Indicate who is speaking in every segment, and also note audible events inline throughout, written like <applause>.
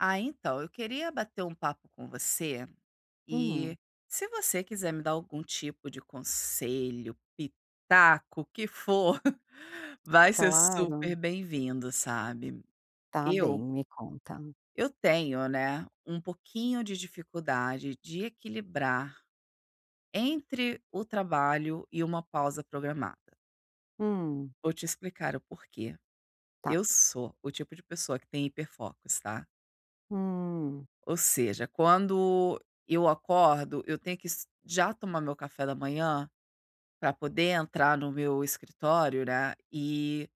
Speaker 1: Ah, então, eu queria bater papo com você e,
Speaker 2: Uhum.
Speaker 1: se você quiser me dar algum tipo de conselho, pitaco, o que for, <laughs> vai ser super
Speaker 2: Claro.
Speaker 1: bem-vindo, sabe?
Speaker 2: Tá
Speaker 1: Eu
Speaker 2: bem, me conta.
Speaker 1: eu tenho, né, pouquinho de dificuldade de equilibrar entre o trabalho e uma pausa programada.
Speaker 2: Hum.
Speaker 1: Vou te explicar o porquê.
Speaker 2: Tá.
Speaker 1: Eu sou o tipo de pessoa que tem hiperfocos, tá?
Speaker 2: Hum.
Speaker 1: Ou seja, quando eu acordo, eu tenho que es já tomar meu café da manhã pra poder entrar no meu escritório, né, e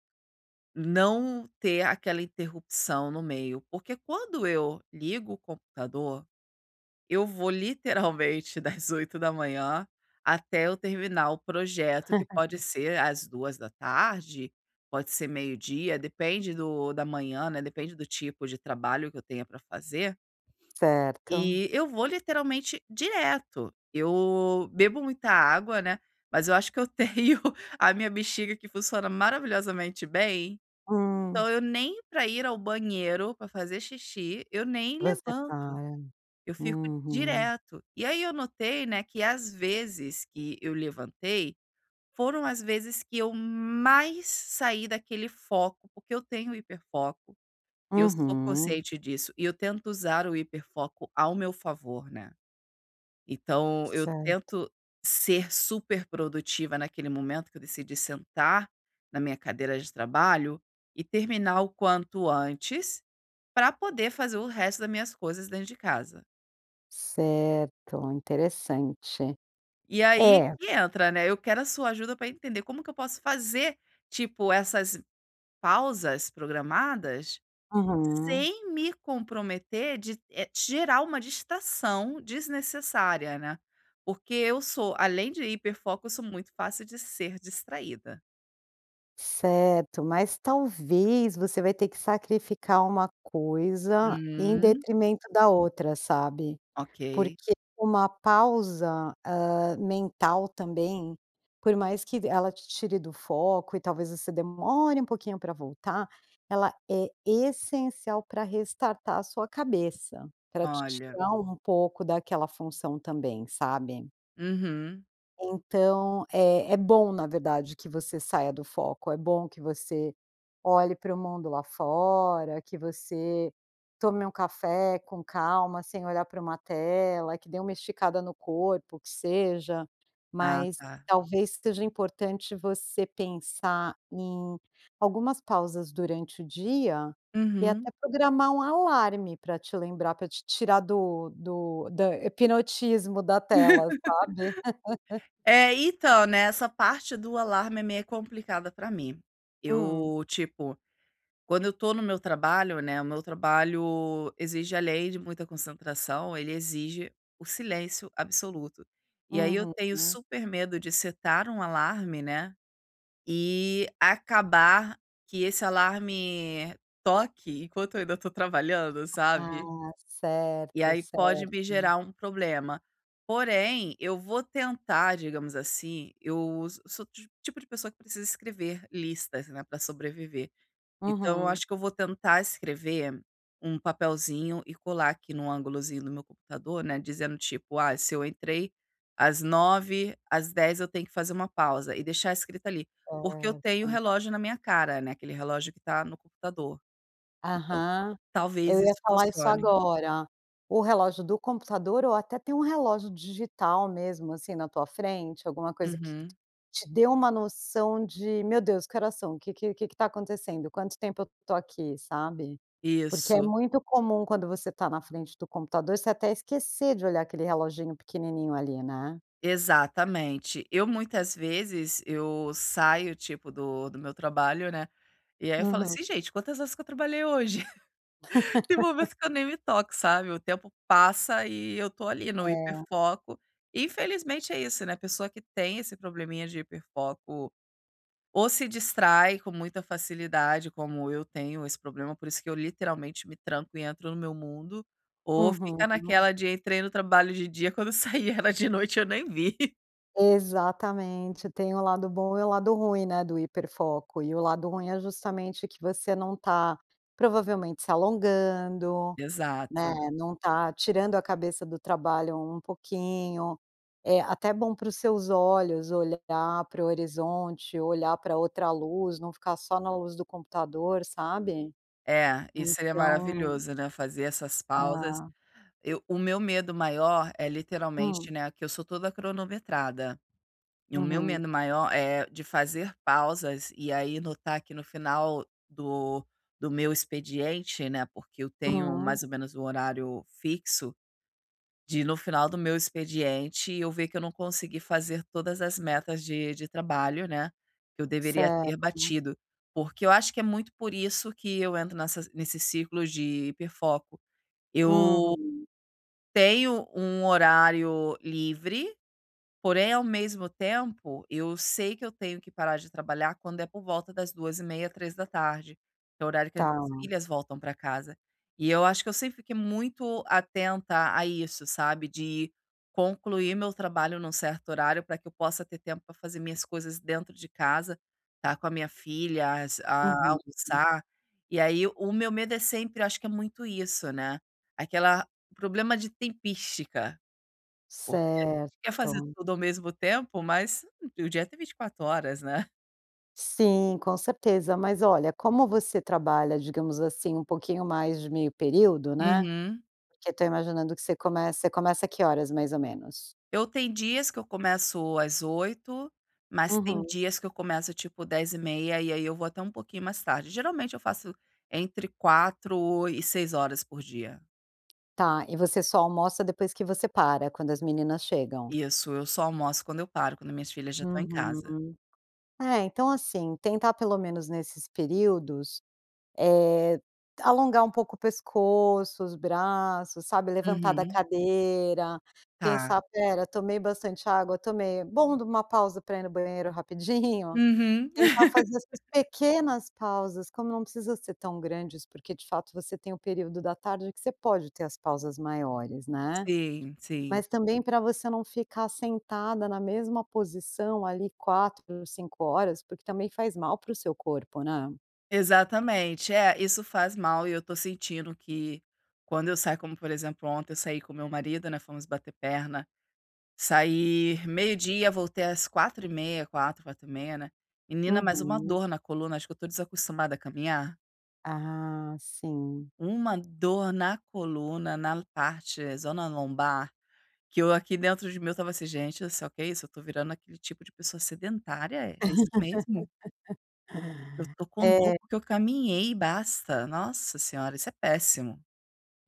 Speaker 1: não ter aquela interrupção no meio. Porque quando eu ligo o computador, eu vou literalmente das 8:00 até eu terminar o projeto, que pode
Speaker 2: <laughs>
Speaker 1: ser às 14:00, pode ser 12:00, depende do da manhã, né? Depende do tipo de trabalho que eu tenha pra fazer.
Speaker 2: Certo.
Speaker 1: E eu vou literalmente direto. Eu bebo muita água, né? Mas eu acho que eu tenho a minha bexiga que funciona maravilhosamente bem,
Speaker 2: Hum.
Speaker 1: então eu nem pra ir ao banheiro, pra fazer xixi, eu nem
Speaker 2: Você tá
Speaker 1: levanto. Eu
Speaker 2: é.
Speaker 1: fico
Speaker 2: Uhum.
Speaker 1: direto. E aí eu notei, né, que às vezes que eu levantei, foram as vezes que eu mais saí daquele foco, porque eu tenho hiperfoco, eu sou
Speaker 2: Uhum.
Speaker 1: consciente disso. E eu tento usar o hiperfoco ao meu favor, né? Então, eu
Speaker 2: Certo.
Speaker 1: tento ser super produtiva naquele momento que eu decidi sentar na minha cadeira de trabalho e terminar o quanto antes pra poder fazer o resto das minhas coisas dentro de casa.
Speaker 2: Certo, interessante.
Speaker 1: E aí
Speaker 2: É
Speaker 1: que entra, né? Eu quero a sua ajuda pra entender como que eu posso fazer, tipo, essas pausas programadas
Speaker 2: Uhum.
Speaker 1: sem me comprometer de, eh, gerar uma distração desnecessária, né? Porque eu sou, além de hiperfoco, sou muito fácil de ser distraída.
Speaker 2: Certo, mas talvez você vai ter que sacrificar uma coisa em
Speaker 1: Hum.
Speaker 2: detrimento da outra, sabe?
Speaker 1: Ok.
Speaker 2: Porque uma pausa, ah, mental também, por mais que ela te tire do foco e talvez você demore pouquinho pra voltar, ela é essencial pra restartar sua cabeça, pra te
Speaker 1: Olha.
Speaker 2: tirar pouco daquela função também, sabe?
Speaker 1: Uhum.
Speaker 2: Então, é é bom na verdade que você saia do foco, é bom que você olhe pro mundo lá fora, que você tome um café com calma sem olhar para uma tela, que dê uma esticada no corpo, que seja.
Speaker 1: A
Speaker 2: Mas
Speaker 1: tá.
Speaker 2: talvez seja importante você pensar em algumas pausas durante o dia e
Speaker 1: Uhum.
Speaker 2: até programar um alarme pra te lembrar, pra te tirar do do do hipnotismo da tela, sabe? <laughs>
Speaker 1: <laughs> É, então, nessa parte do alarme é meia complicada pra mim.
Speaker 2: Hum.
Speaker 1: Eu, tipo, quando eu tô no meu trabalho, né, o meu trabalho exige, além de muita concentração, ele exige o silêncio absoluto. E aí eu tenho
Speaker 2: Uhum.
Speaker 1: super medo de setar um alarme, né, e acabar que esse alarme toque enquanto eu ainda estou trabalhando, sabe?
Speaker 2: Ah.
Speaker 1: E
Speaker 2: Certo,
Speaker 1: aí pode me
Speaker 2: certo.
Speaker 1: gerar problema. Porém, eu vou tentar, digamos assim, eu sou do tipo de pessoa que precisa escrever listas, né, pra sobreviver. Então eu
Speaker 2: Uhum.
Speaker 1: acho que eu vou tentar escrever um papelzinho e colar aqui num angulozinho do meu computador, né, dizendo tipo: "Ah, se eu entrei às 9:00, às 10:00 eu tenho que fazer uma pausa" e deixar escrito ali. Porque eu tenho o
Speaker 2: Certo.
Speaker 1: relógio na minha cara, né, aquele relógio que tá no computador. Então
Speaker 2: Aham.
Speaker 1: talvez
Speaker 2: Eu ia
Speaker 1: isso
Speaker 2: falar isso
Speaker 1: funcione.
Speaker 2: agora. O relógio do computador ou até ter um relógio digital mesmo, assim na tua frente, alguma coisa q que
Speaker 1: Uhum.
Speaker 2: te dê uma noção de: "Meu Deus, que horas são? O que que que que tá acontecendo? Quanto tempo eu tô aqui?", sabe? Porque é
Speaker 1: Isso.
Speaker 2: muito comum quando você tá na frente do computador, você até esquecer de olhar aquele reloginho pequenininho ali, né?
Speaker 1: Exatamente. Eu muitas vezes, eu saio, tipo, do do meu trabalho, né? E aí eu falo
Speaker 2: Uhum.
Speaker 1: assim: "Ih gente, quantas horas que eu trabalhei hoje?" <laughs> Tem
Speaker 2: <laughs>
Speaker 1: momentos que eu nem me toco, sabe? O tempo passa e eu tô ali no
Speaker 2: É.
Speaker 1: hiperfoco. Infelizmente é isso, né? A pessoa que tem esse probleminha de hiperfoco, ou se distrai com muita facilidade, como eu tenho esse problema. Por isso que eu literalmente me tranco e entro no meu mundo, ou fica
Speaker 2: Uhum.
Speaker 1: naquela de: "Entrei no trabalho de dia e quando sai já é de noite e eu nem vi."
Speaker 2: Exatamente, tem o lado bom e o lado ruim, né, do hiperfoco. E o lado ruim é justamente que você não tá, provavelmente se alongando, né?
Speaker 1: Exato.
Speaker 2: Não tá tirando a cabeça do trabalho um pouquinho. Eh, até bom pros seus olhos olhar pro horizonte, olhar pra outra luz, não ficar só na luz do computador, sabe?
Speaker 1: É, isso aí é
Speaker 2: Então
Speaker 1: maravilhoso, né, fazer essas pausas.
Speaker 2: Hã.
Speaker 1: Eu o meu medo maior é
Speaker 2: Hum.
Speaker 1: literalmente, né, que eu sou toda cronometrada. E o meu
Speaker 2: Uhum.
Speaker 1: medo maior, eh, de fazer pausas e aí notar que no final do do meu expediente, né, porque eu tenho
Speaker 2: Hum.
Speaker 1: mais ou menos o horário fixo, de no final do meu expediente eu ver que eu não consegui fazer todas as metas de de trabalho, né? Que eu deveria ter
Speaker 2: Certo.
Speaker 1: batido. Porque eu acho que é muito por isso que eu entro nessas nesses ciclos de hiperfoco. Eu
Speaker 2: Uhum.
Speaker 1: tenho um horário livre, porém, ao mesmo tempo, eu sei que eu tenho que parar de trabalhar quando é por volta das 14:30, 15:00 da tarde, que é o horário que as minhas
Speaker 2: Tá.
Speaker 1: filhas voltam pra casa. E eu acho que eu sempre fiquei muito atenta a isso, sabe? De concluir meu trabalho num certo horário pra que eu possa ter tempo pra fazer minhas coisas dentro de casa, tá com a minha filhas, a
Speaker 2: Uhum.
Speaker 1: almoçar. E aí, o meu medo é sempre, acho que é muito isso, né? Aquela o problema de "tempística." Porque a gente quer fazer
Speaker 2: Certo.
Speaker 1: tudo ao mesmo tempo, mas o dia tem 24 horas, né?
Speaker 2: Sim, com certeza. Mas olha, como você trabalha, digamos assim, um pouquinho mais de meio período, né?
Speaker 1: Uhum.
Speaker 2: Porque eu tô imaginando que você começa você começa que horas mais ou menos?
Speaker 1: Eu tem dias que eu começo às 8:00, mas tem
Speaker 2: Uhum.
Speaker 1: dias que eu começo, tipo, 10:30 e aí eu vou até pouquinho mais tarde. Geralmente eu faço entre 4 o e 6 horas por dia.
Speaker 2: Tá, e você só almoça depois que você para, quando as meninas chegam?
Speaker 1: Isso, eu só almoço quando eu paro, quando minhas filhas já estão em casa.
Speaker 2: Uhum. É, então assim, tentar pelo menos nesses períodos, eh, alongar um pouco o pescoço, os braços, sabe? Levantar da
Speaker 1: Uhum.
Speaker 2: cadeira,
Speaker 1: Tá.
Speaker 2: pensar: "Espera, tomei bastante água? tomei. Bom, dou uma pausa para ir no banheiro rapidinho."
Speaker 1: Uhum.
Speaker 2: Tentar fazer as suas
Speaker 1: <laughs>
Speaker 2: pequenas pausas, como não precisa ser tão grandes, porque de fato você tem o período da tarde que você pode ter as pausas maiores, né?
Speaker 1: Sim, sim.
Speaker 2: Mas também pra você não ficar sentada na mesma posição ali 4, 5 horas, porque também faz mal pro seu corpo, né?
Speaker 1: Exatamente. É, isso faz mal e eu tô sentindo que, quando eu saio, como por exemplo, ontem eu saí com meu marido, né, fomos bater perna. Saí 12:00, voltei às 4:30, 4:00, 4:30, né? Menina, mais uma
Speaker 2: Uhum.
Speaker 1: dor na coluna, acho que eu tô desacostumado a caminhar.
Speaker 2: Ah, sim.
Speaker 1: Uma dor na coluna na parte, zona lombar, que eu aqui dentro de mim, eu tava assim: "Gente, olha só, que isso? Eu tô virando aquele tipo de pessoa sedentária? É isso mesmo?" Eu
Speaker 2: <laughs>
Speaker 1: tô com
Speaker 2: É
Speaker 1: dor que eu caminhei, basta! Nossa senhora, isso é péssimo.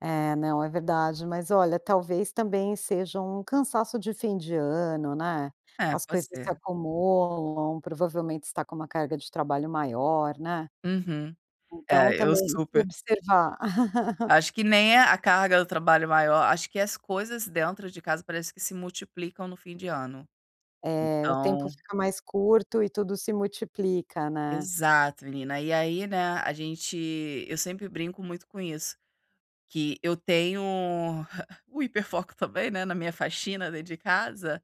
Speaker 2: É, não é verdade. Mas olha, talvez também seja um cansaço de fim de ano, né?
Speaker 1: É,
Speaker 2: As
Speaker 1: pode
Speaker 2: coisas se
Speaker 1: ser.
Speaker 2: acumulam. Provavelmente você tá com uma carga de trabalho maior, né?
Speaker 1: Uhum.
Speaker 2: Então,
Speaker 1: É, eu
Speaker 2: também tem que
Speaker 1: super.
Speaker 2: observar <laughs>
Speaker 1: Acho que nem é a carga do trabalho maior, acho que as coisas dentro de casa, parece que se multiplicam no fim de ano.
Speaker 2: Eh. O tempo
Speaker 1: Então
Speaker 2: fica mais curto e tudo se multiplica, né?
Speaker 1: Exato, menina. E aí, né, a gente eu sempre brinco muito com isso, que eu tenho o hiperfoco também, né, na minha faxina dentro de casa.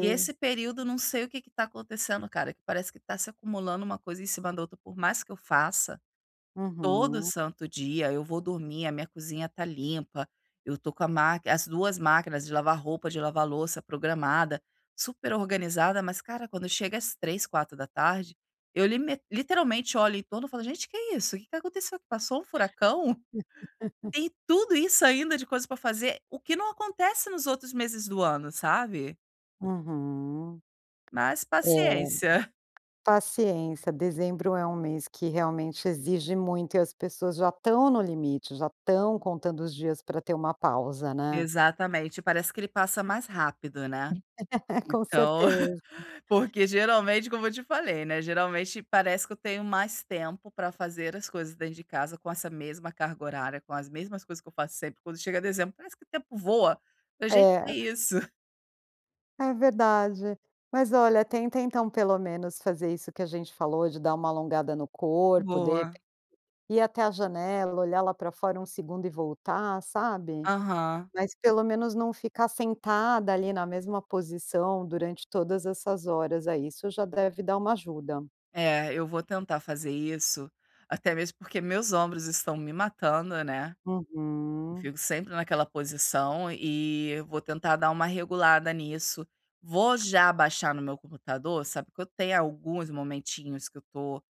Speaker 1: E esse período, não sei o que que tá acontecendo cara, que parece que tá se acumulando uma coisa em cima da outra. Por mais que eu faça, todo
Speaker 2: Uhum.
Speaker 1: santo dia eu vou dormir, a minha cozinha tá limpa, eu tô com a ma as 2 máquinas de lavar roupa, de lavar louça programada, super organizada. Mas cara, quando chega às 15:00, 16:00, eu lime literalmente olho em torno e falo: "Gente, o que é isso? O que aconteceu? Passou furacão?
Speaker 2: <laughs>
Speaker 1: Tem tudo isso ainda de coisa pra fazer?" O que não acontece nos outros meses do ano, sabe?
Speaker 2: Uhum.
Speaker 1: Mas,
Speaker 2: É.
Speaker 1: paciência.
Speaker 2: Paciência, dezembro é um mês que realmente exige muito e as pessoas já tão no limite, já tão contando os dias pra ter uma pausa, né?
Speaker 1: Exatamente, parece que ele passa mais rápido, né?
Speaker 2: <laughs> Com
Speaker 1: Então,
Speaker 2: certeza.
Speaker 1: <laughs> porque geralmente como eu te falei, né, geralmente parece que eu tenho mais tempo pra fazer as coisas dentro de casa com essa mesma carga horária, com as mesmas coisas que eu faço sempre. Quando chega dezembro parece que tempo voa, pra gente
Speaker 2: É.
Speaker 1: ver isso.
Speaker 2: É verdade. Mas olha, tenta então pelo menos fazer isso que a gente falou de dar uma alongada no corpo de
Speaker 1: Boa.
Speaker 2: ir até a janela, olhar lá pra fora um segundo e voltar, sabe?
Speaker 1: Aham.
Speaker 2: Mas pelo menos não ficar sentada ali na mesma posição durante todas essas horas, aí isso já deve dar uma ajuda.
Speaker 1: É, eu vou tentar fazer isso. Até mesmo porque, meus ombros estão me matando, né? Eu
Speaker 2: Uhum.
Speaker 1: fico sempre naquela posição e vou tentar dar uma regulada nisso. Vou já baixar no meu computador, sabe? Que eu tenho alguns momentinhos que eu tô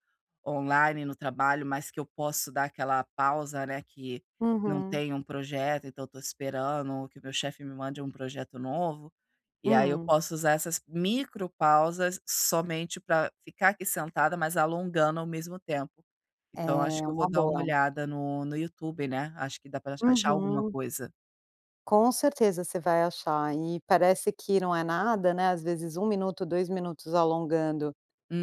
Speaker 1: online no trabalho, mas que eu posso dar aquela pausa, né? Que não
Speaker 2: Uhum.
Speaker 1: tem um projeto, então eu tô esperando, ou que meu chefe me mande um projeto novo. E aí, eu
Speaker 2: Hum.
Speaker 1: posso usar essas micropausas somente pra ficar aqui sentada, mas alongando ao mesmo tempo.
Speaker 2: É
Speaker 1: Então acho que eu vou
Speaker 2: uma
Speaker 1: dar uma
Speaker 2: boa.
Speaker 1: olhada no no YouTube, né? Acho que dá pra ach achar alguma
Speaker 2: Uhum.
Speaker 1: coisa.
Speaker 2: Com certeza, você vai achar. E parece que não é nada, né, às vezes 1 minuto, 2 minutos alongando,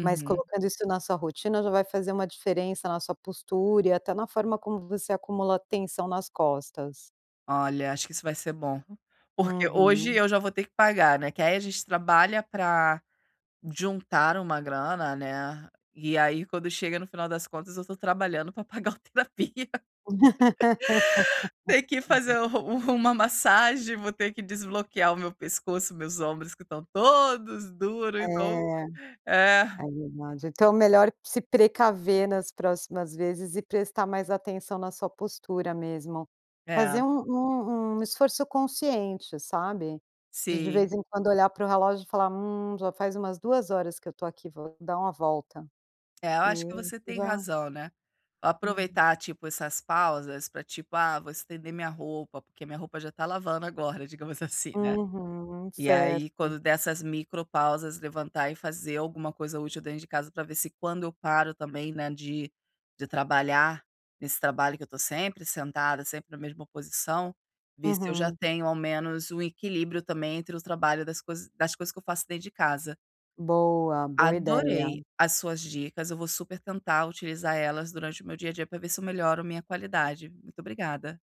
Speaker 2: mas colocando isso na sua rotina, já vai fazer uma diferença na sua postura e até na forma como você acumula tensão nas costas.
Speaker 1: Olha, acho que isso vai ser bom. Porque hoje
Speaker 2: Uhum.
Speaker 1: eu já vou ter que pagar, né? Que aí a gente trabalha pra, juntar uma grana, né? E aí quando chega no final das contas eu tô trabalhando pra pagar a terapia tem que fazer
Speaker 2: <laughs>
Speaker 1: u uma massagem, vou ter que desbloquear o meu pescoço, meus ombros que tão todos duro, então
Speaker 2: É
Speaker 1: É.
Speaker 2: é verdade. Então melhor se precaver nas próximas vezes e prestar mais atenção na sua postura mesmo, fazer
Speaker 1: É.
Speaker 2: um um um esforço consciente, sabe? De de
Speaker 1: Sim.
Speaker 2: vez em quando olhar pro relógio e falar: "Hum, já faz umas 2 horas que eu tô aqui, vou dar uma volta"
Speaker 1: É, eu acho
Speaker 2: e
Speaker 1: que você tem
Speaker 2: já
Speaker 1: razão, né. Aproveitar,
Speaker 2: Uhum.
Speaker 1: tipo, essas pausas pra tipo, "Ah vou estender minha roupa" Porque minha roupa já tá lavando agora, digamos assim, né?
Speaker 2: Uhum,
Speaker 1: E aí
Speaker 2: certo.
Speaker 1: quando dessas micropausas levantar e fazer alguma coisa útil dentro de casa pra vê se quando eu paro também, né, de de trabalhar nesse trabalho que eu tô sempre sentada, sempre na mesma posição, ver se eu já
Speaker 2: Uhum.
Speaker 1: tenho ao menos um equilíbrio também entre o trabalho das cois das coisas que eu faço dentro de casa.
Speaker 2: Boa, boa ideia.
Speaker 1: Adorei as suas dicas, eu vou super tentar utilizar elas durante o meu dia a dia pra ver se eu melhor minha qualidade, muito obrigada!